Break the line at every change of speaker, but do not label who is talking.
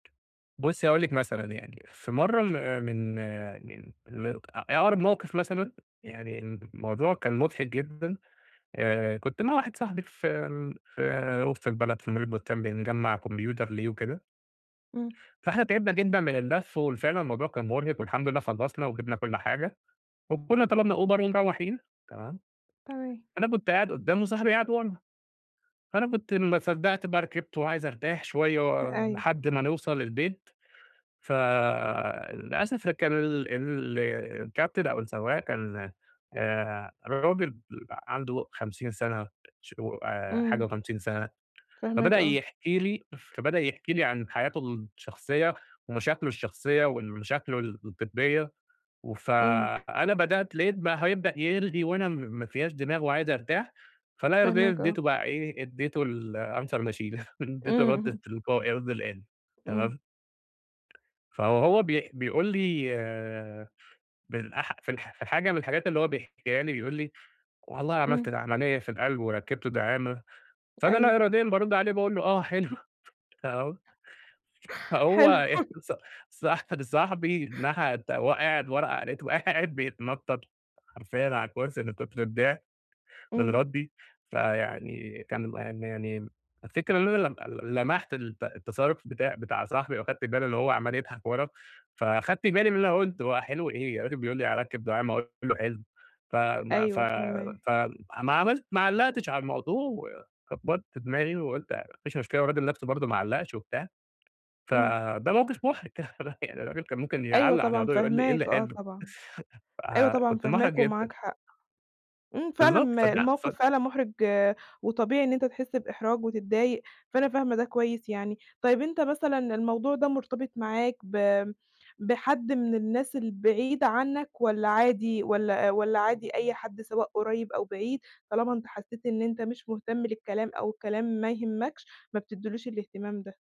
بُصي، هاقول لِك مثلًا يعني في مرة ال من من م أ أقرب موقف مثلًا، يعني الموضوع كان مضحك جدًا، آآ كنت مع واحد صاحبي في ال في وسط البلد في mall البستان، بنجمَّع كمبيوتر ليه وكده.
إمم.
فاحنا تعبنا جدًا من اللف وال فعلًا الموضوع كان مرهق والحمد لله خلصنا وجِبنا كل حاجة، وكنا طلبنا أوبر ومروّحين، تمام.
تمام.
فأنا كنت قاعد قدّام وصاحبي قاعد ورا، فأنا كنت ما صدقت بقى ركبت وعايز أرتاح شوية و
أيوه.
لحد ما نوصل البيت، ف للأسف كان ال ال الكابتن أو السواق كان، آآ راجل [unintelligible] عنده 50 سَنة ش وآآ حاجة
إمم.
و50 سَنة،
فاهماك
فبدأ
آه.
يحكي لي فبدأ يحكي لي عن حياته الشخصية ومشاكله الشخصية وال مشاكله ال الجدية، وف
إمم.
أنا بدأت لقيت بقى هيبدأ يرغي وأنا م ما فيّاش دماغ وعايز أرتاح، فلا يرضيني
فاهماك آه.
إديته بقى إيه، إديته الanswer machine، إديته
إمم،
الرد
اهم.
التلقائي قصدي الآلي.
إمم.
تمام؟ فوهو بيح بيقول لي بالأح في الح في حاجة من الحاجات اللي هو بيحكيها لي بيقول لي: "والله عملت
إمم.
العملية في القلب وركبت دعامة."، فأنا
أيوه.
لا إراديًا بارُد عليه، باقول له: "آه حلو." فه فهو
حلو.
أهص صح صاحبي [unintelligible] وهو قاعد ورا لقيته بقى قاعد بيتنطط حرفيًا على الكرسي من كُتر الضحك، من
إمم.
ردي، فيعني كان م م يعني الفكرة إن أنا لم ل لمحت الت التصرُّف بتاع بتاع صاحبي وأخدت بالي إن هو عَمَّال يضحك ورا، فخدت بالي من اللي أنا قُلته، هو حلو إيه الراجل بيقول لي هاركِّب دعامة وأنا أقول له حلو! ف م ف
أيوه فاهماك.
ف ما عملت ما علقتش على الموضوع وكبَّرت دماغي وقُلت ما فيش مشكلة والراجل نفْسه برضو ما علقش وبتاع،
إمم.
فده موقف مُحرِج، يعني الراجل كان ممكن
أيوه
يعلق على
طبعًا
الموضوع يقول لي إيه اللي
فاهماك، آه
حلو؟!
طبعًا. أيوه طبعًا
فكنت مُحرَج
فاهماك
جدًا.
ومعاك حق. إمم، فعلًا
بالضبط
م
فده ف
الموقف فعلًا مُحرِج وطبيعي إن أنت تحس بإحراج وتتضايق، فأنا فاهمة ده كويس يعني. طيب أنت مثلًا الموضوع ده مرتبط معاك ب بحد من الناس البعيدة عنك والّا عادي والّا والّا عادي أي حد سواء قريب أو بعيد طالما أنت حسيت إن أنت مش مهتم للكلام أو الكلام ما يهمكش، ما بتديلوش الاهتمام ده؟